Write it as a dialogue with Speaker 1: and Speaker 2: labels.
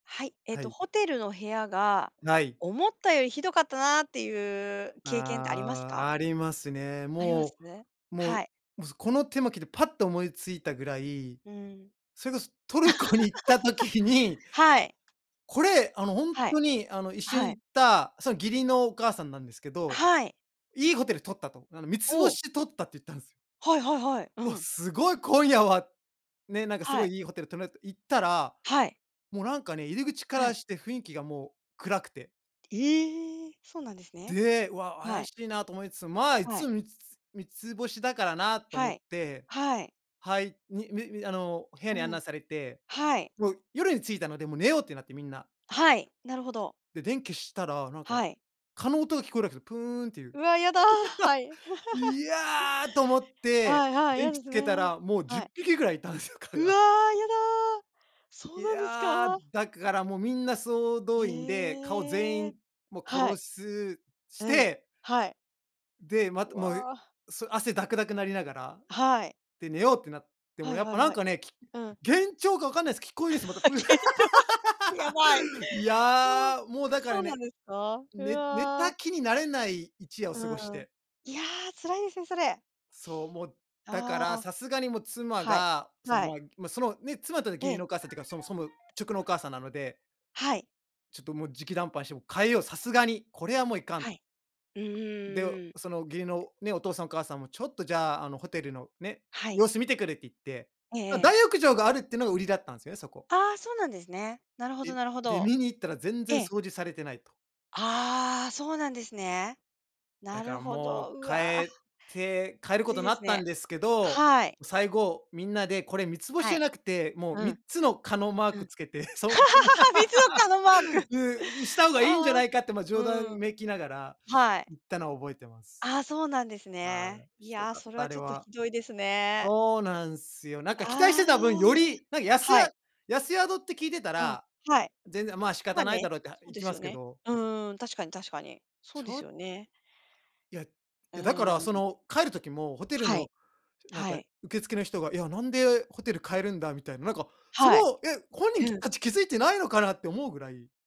Speaker 1: はい、えっ
Speaker 2: は
Speaker 1: と
Speaker 2: い。
Speaker 1: ホテルの部屋が
Speaker 2: ない。
Speaker 1: 思ったよりひどかったなあっていう経験ってありますか？
Speaker 2: あ、ありますね。
Speaker 1: あります？
Speaker 2: もうも
Speaker 1: は
Speaker 2: う
Speaker 1: い。
Speaker 2: もうこのテーマ聞いてパッと思いついたぐらい、
Speaker 1: うん。
Speaker 2: それこそトルコに行った時に
Speaker 1: はい。
Speaker 2: これ、あの本
Speaker 1: はい。
Speaker 2: 当にあの一緒
Speaker 1: は
Speaker 2: に
Speaker 1: い。
Speaker 2: 行った、その義理のお母さんなんですけど、
Speaker 1: はい。
Speaker 2: いいホテル取ったと、あのみつぼ
Speaker 1: お！
Speaker 2: しで取ったって言ったんです。
Speaker 1: はいはいはい、う
Speaker 2: お、
Speaker 1: ん。
Speaker 2: すごい今夜は、ね、なんかす
Speaker 1: は
Speaker 2: ご
Speaker 1: い。
Speaker 2: いいいホテル泊まれると行ったら、
Speaker 1: はい。
Speaker 2: もうなんかね、入り口か
Speaker 1: は
Speaker 2: ら
Speaker 1: い。
Speaker 2: して雰囲気がもう暗くて。
Speaker 1: ええ、そうなんですね。
Speaker 2: で、わ、
Speaker 1: は
Speaker 2: 怪
Speaker 1: い。
Speaker 2: しいなと思いつつ、ま、いっ
Speaker 1: はい。
Speaker 2: つみつつ-3つ星だからなと思
Speaker 1: は
Speaker 2: っ
Speaker 1: い、
Speaker 2: て、
Speaker 1: はい。
Speaker 2: はいにみみあの、部屋に案
Speaker 1: うん、
Speaker 2: 内されて、
Speaker 1: はい。
Speaker 2: もう夜に着いたので、もう寝ようってなって、みんな。
Speaker 1: はい、なるほど。
Speaker 2: で、電気消したらなんか
Speaker 1: はい。
Speaker 2: 蚊の音が聞こえるわけですよ、プーンっていう。
Speaker 1: うわ、やだ、はい。
Speaker 2: いやと思っ
Speaker 1: は
Speaker 2: て、
Speaker 1: いはい、嫌
Speaker 2: 電気
Speaker 1: で
Speaker 2: つ
Speaker 1: す
Speaker 2: けた
Speaker 1: ね。
Speaker 2: ら、もうじゅ
Speaker 1: は
Speaker 2: っ
Speaker 1: い。
Speaker 2: ぴきぐらいいたんですよ、蚊
Speaker 1: うわ、
Speaker 2: が。
Speaker 1: やだ、そう
Speaker 2: い
Speaker 1: なんです
Speaker 2: や、
Speaker 1: か？
Speaker 2: だからもうみんな総動員で、蚊を全
Speaker 1: ええ、
Speaker 2: 員もう
Speaker 1: はい。
Speaker 2: 殺すし
Speaker 1: うん、
Speaker 2: て。
Speaker 1: はい。
Speaker 2: で、またもう、
Speaker 1: わ。
Speaker 2: そう、汗だくだくなりながら、
Speaker 1: はい。
Speaker 2: で、寝ようってなっても
Speaker 1: はい
Speaker 2: やっ
Speaker 1: は
Speaker 2: ぱ
Speaker 1: い
Speaker 2: な
Speaker 1: は
Speaker 2: ん
Speaker 1: い、
Speaker 2: かね、き
Speaker 1: うん。
Speaker 2: 幻聴かわかんないです。聞こえるです、また プーン。
Speaker 1: 幻聴、やばい。
Speaker 2: い
Speaker 1: ああ、
Speaker 2: や、もうだか
Speaker 1: そ
Speaker 2: ら
Speaker 1: うなん
Speaker 2: ね、
Speaker 1: ですか？う
Speaker 2: ね寝た
Speaker 1: わ。
Speaker 2: 気になれない一夜を
Speaker 1: う
Speaker 2: 過ごし
Speaker 1: ん、
Speaker 2: て。
Speaker 1: いや、辛いですね、それ。あ
Speaker 2: そう、もう、だから、
Speaker 1: あ。
Speaker 2: さすがにもう妻
Speaker 1: はい、
Speaker 2: が、そ
Speaker 1: はい。
Speaker 2: の、ま、そのね、妻との義
Speaker 1: え
Speaker 2: 理
Speaker 1: え。
Speaker 2: のお母さんっていうか、その、そ直のお母さんなので。
Speaker 1: はい。
Speaker 2: ちょっともう直談判してもう変えよう、さすがにこれはもういかん
Speaker 1: はい、うんうん
Speaker 2: で、
Speaker 1: うんうん。
Speaker 2: その義理のね、お父さんお母さんもちょっとじゃあ、あの、ホテルのね、
Speaker 1: はい。
Speaker 2: 様子見てくるって言って、
Speaker 1: ええ
Speaker 2: ま、
Speaker 1: ええ。
Speaker 2: 大浴場があるっていうのが売りだったんですよね、そこ。
Speaker 1: あ、そうなんですね。なるほど
Speaker 2: え、
Speaker 1: なるほ
Speaker 2: で、
Speaker 1: ど。
Speaker 2: 見に行ったら全
Speaker 1: え
Speaker 2: 然
Speaker 1: え。
Speaker 2: 掃除されてないと。
Speaker 1: ああ、そうなんですね。
Speaker 2: だ
Speaker 1: な
Speaker 2: か
Speaker 1: る
Speaker 2: ら
Speaker 1: ほ
Speaker 2: もう
Speaker 1: ど、う
Speaker 2: 変
Speaker 1: わ。
Speaker 2: えて変える
Speaker 1: き
Speaker 2: こ
Speaker 1: つい
Speaker 2: とに
Speaker 1: で
Speaker 2: な
Speaker 1: す
Speaker 2: ったん
Speaker 1: ね。
Speaker 2: ですけど、
Speaker 1: はい。
Speaker 2: 最後みんなでこれ3つ星
Speaker 1: は
Speaker 2: じゃ
Speaker 1: い。
Speaker 2: なくて、もう
Speaker 1: う
Speaker 2: みっ
Speaker 1: ん。
Speaker 2: つの蚊のマー
Speaker 1: うん。
Speaker 2: クつけて、そそんな
Speaker 1: 3つの蚊のマーク。
Speaker 2: でにした方がいいんじゃ
Speaker 1: ああ、
Speaker 2: ないかって、ま、
Speaker 1: う
Speaker 2: 冗談
Speaker 1: ん。
Speaker 2: めきながら
Speaker 1: はい。
Speaker 2: 言ったのを覚えてます。
Speaker 1: ああ、そうなんです
Speaker 2: は
Speaker 1: ね。
Speaker 2: い、
Speaker 1: い
Speaker 2: ひど
Speaker 1: や、
Speaker 2: かっ
Speaker 1: それ
Speaker 2: た、
Speaker 1: は
Speaker 2: あれ
Speaker 1: ちょっと
Speaker 2: は。
Speaker 1: ひどいですね。
Speaker 2: そうなんすよ。なんか期待し
Speaker 1: ああ、
Speaker 2: てた分より、なんか安
Speaker 1: は
Speaker 2: や
Speaker 1: い。
Speaker 2: 安宿って聞いてた
Speaker 1: うん、
Speaker 2: ら、
Speaker 1: はい。
Speaker 2: 全然、ま、仕
Speaker 1: ま
Speaker 2: 方
Speaker 1: あ
Speaker 2: ない
Speaker 1: ね、
Speaker 2: だろうって、あ、
Speaker 1: そう
Speaker 2: 行
Speaker 1: で
Speaker 2: き
Speaker 1: す
Speaker 2: ま
Speaker 1: よ
Speaker 2: すけ
Speaker 1: ね、
Speaker 2: ど。
Speaker 1: うん、確かに確かに、そう
Speaker 2: ち
Speaker 1: で
Speaker 2: ょ
Speaker 1: す
Speaker 2: っ
Speaker 1: よね。
Speaker 2: いやい
Speaker 1: う
Speaker 2: や、だからそ
Speaker 1: ん。
Speaker 2: の変える時もホテル
Speaker 1: はい、
Speaker 2: のなん
Speaker 1: は
Speaker 2: か
Speaker 1: い。
Speaker 2: 受付の人が、いや、なんでホテル変えるんだみたいな、なんかそれ
Speaker 1: はい。
Speaker 2: を、え、本人
Speaker 1: うん。
Speaker 2: たち気づいてないのかなって思うぐらい。